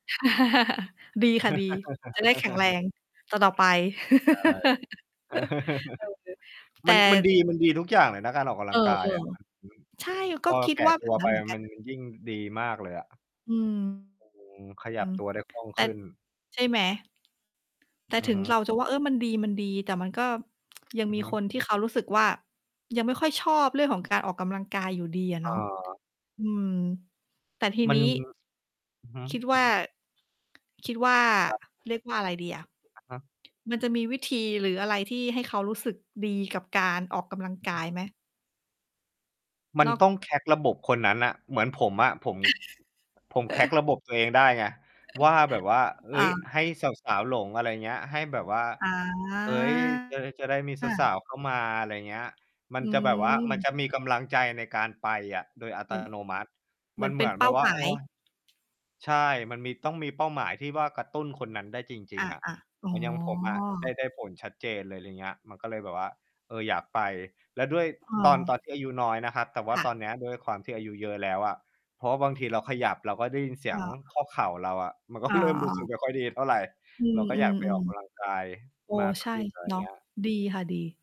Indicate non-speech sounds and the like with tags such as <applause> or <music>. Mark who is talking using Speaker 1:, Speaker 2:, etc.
Speaker 1: <chuckles> ดีค่ะดี จะได้แข็งแร
Speaker 2: <laughs>
Speaker 1: งต่อ ๆ ไป
Speaker 2: ใช่
Speaker 1: <laughs> เออ
Speaker 2: <laughs>
Speaker 1: แต
Speaker 2: มั
Speaker 1: ่
Speaker 2: น มันดี มันดีทุกอย่างเลยนะ การออกกำ
Speaker 1: เ
Speaker 2: ล
Speaker 1: อ
Speaker 2: ั
Speaker 1: อ
Speaker 2: งกายอะ <unintelligible>
Speaker 1: ๆ ใช่ ก
Speaker 2: พ
Speaker 1: ็
Speaker 2: อเร
Speaker 1: ค
Speaker 2: า
Speaker 1: ิด
Speaker 2: แก่
Speaker 1: ว่า แ
Speaker 2: ต
Speaker 1: บ
Speaker 2: ั
Speaker 1: บ
Speaker 2: ว
Speaker 1: นั
Speaker 2: ไ
Speaker 1: ้
Speaker 2: ป
Speaker 1: นเหม
Speaker 2: อ
Speaker 1: ือน
Speaker 2: ะ
Speaker 1: กั
Speaker 2: ม
Speaker 1: น
Speaker 2: ัน มันยิ่งดีมากเลยอะ
Speaker 1: อืม
Speaker 2: อือ ขย
Speaker 1: อื
Speaker 2: ับ
Speaker 1: ม
Speaker 2: ตัวได้คล่อง
Speaker 1: แต
Speaker 2: ข
Speaker 1: ่
Speaker 2: ึ้น
Speaker 1: ใช่ไหม? แต่
Speaker 2: อื
Speaker 1: ถ
Speaker 2: อ
Speaker 1: ึ
Speaker 2: ฮ
Speaker 1: ง
Speaker 2: ึ
Speaker 1: เราจะว่า เออ มันดี มันดี แต่มันก็ยัง
Speaker 2: อือ
Speaker 1: มี
Speaker 2: ฮึ
Speaker 1: คนที่เขารู้สึกว่า ยังไม่ค่อยชอบเรื่องของการออกกำลังกายอยู่ดีอะ
Speaker 2: อ
Speaker 1: เนาะ
Speaker 2: า
Speaker 1: อืม แต่ที
Speaker 2: มั
Speaker 1: น
Speaker 2: น
Speaker 1: ี้
Speaker 2: อือฮึ
Speaker 1: คิดว่า คิดว่า
Speaker 2: ครับ
Speaker 1: เรียกว่าอะไรดีอะ
Speaker 2: อะฮะ
Speaker 1: มันจะมีวิธี หรืออะไรที่ให้เขารู้สึกดีกับการออกกำลัง
Speaker 2: อือ
Speaker 1: ก
Speaker 2: ฮ
Speaker 1: า
Speaker 2: ึ
Speaker 1: ยไหม?
Speaker 2: มั
Speaker 1: น
Speaker 2: น
Speaker 1: อก
Speaker 2: ต้อง crack ระบบคนนั้นน่ะ เหมือนผมอะ ผม ผม crack
Speaker 1: <laughs>
Speaker 2: ระบบตัวเองได้ไง ว่าแบบว่า
Speaker 1: <chuckles>
Speaker 2: เฮ
Speaker 1: อ
Speaker 2: ้ย
Speaker 1: า
Speaker 2: ให้สาว ๆ หลง อะไรเงี้ย ให้แบบว่า
Speaker 1: อ
Speaker 2: เฮ้ย จะได้ จะได้มีสา
Speaker 1: า
Speaker 2: ว ๆ เข้ามา อะไรเงี้ย ม
Speaker 1: อ
Speaker 2: ัน
Speaker 1: ื
Speaker 2: จะแบบว่า มัน
Speaker 1: ม
Speaker 2: จะมีกำลังใจในการไปอะ โดย อั
Speaker 1: เห
Speaker 2: ต
Speaker 1: มือน
Speaker 2: โนมัติ
Speaker 1: เหม
Speaker 2: ม
Speaker 1: ื
Speaker 2: ั
Speaker 1: อ
Speaker 2: น
Speaker 1: น
Speaker 2: เ
Speaker 1: เป
Speaker 2: หม
Speaker 1: ็
Speaker 2: ื
Speaker 1: น
Speaker 2: อน
Speaker 1: เป
Speaker 2: แบ
Speaker 1: ้า
Speaker 2: บว่
Speaker 1: ห
Speaker 2: า
Speaker 1: ม
Speaker 2: โ
Speaker 1: า
Speaker 2: อ๊
Speaker 1: ย
Speaker 2: ย ใช่ มันมี ต้องมีเป้าหมายที่ว่า กระตุ้นคนนั้นได้จริ
Speaker 1: อ
Speaker 2: ง
Speaker 1: ะ
Speaker 2: ๆ อะ
Speaker 1: ๆ อ๋
Speaker 2: เหมือนอย่างผมอะ ได้
Speaker 1: อ
Speaker 2: ได้ผลชัดเจนเลย อย่างเงี้ย มันก็เลยแบบว่า เออ อยากไป แล้วด้วยตอน ตอน
Speaker 1: เออ
Speaker 2: ที่อายุน้อยนะครับ แต่ว่
Speaker 1: ค
Speaker 2: า
Speaker 1: ่ะ
Speaker 2: ตอนเนี้ยด้วยความที่อายุเยอะแล้วอะ เพราะว่าบางทีเราขยับ เราก็ได้ยินเสี
Speaker 1: เอ
Speaker 2: ย
Speaker 1: ่
Speaker 2: ง
Speaker 1: อ
Speaker 2: ข้อเข่าเราอะ มันก็
Speaker 1: อ๋
Speaker 2: เริ่มรู้สึก
Speaker 1: อ
Speaker 2: ไม่ค่อยดีเท่าไร
Speaker 1: อือ
Speaker 2: เราก็อยากไปออกกำลั
Speaker 1: ๆ
Speaker 2: งกาย
Speaker 1: ๆ เออ
Speaker 2: มาก
Speaker 1: ใช
Speaker 2: ข
Speaker 1: ่
Speaker 2: ึ้น อะไร
Speaker 1: เนาะ
Speaker 2: เงี้ย
Speaker 1: ดีค่ะดี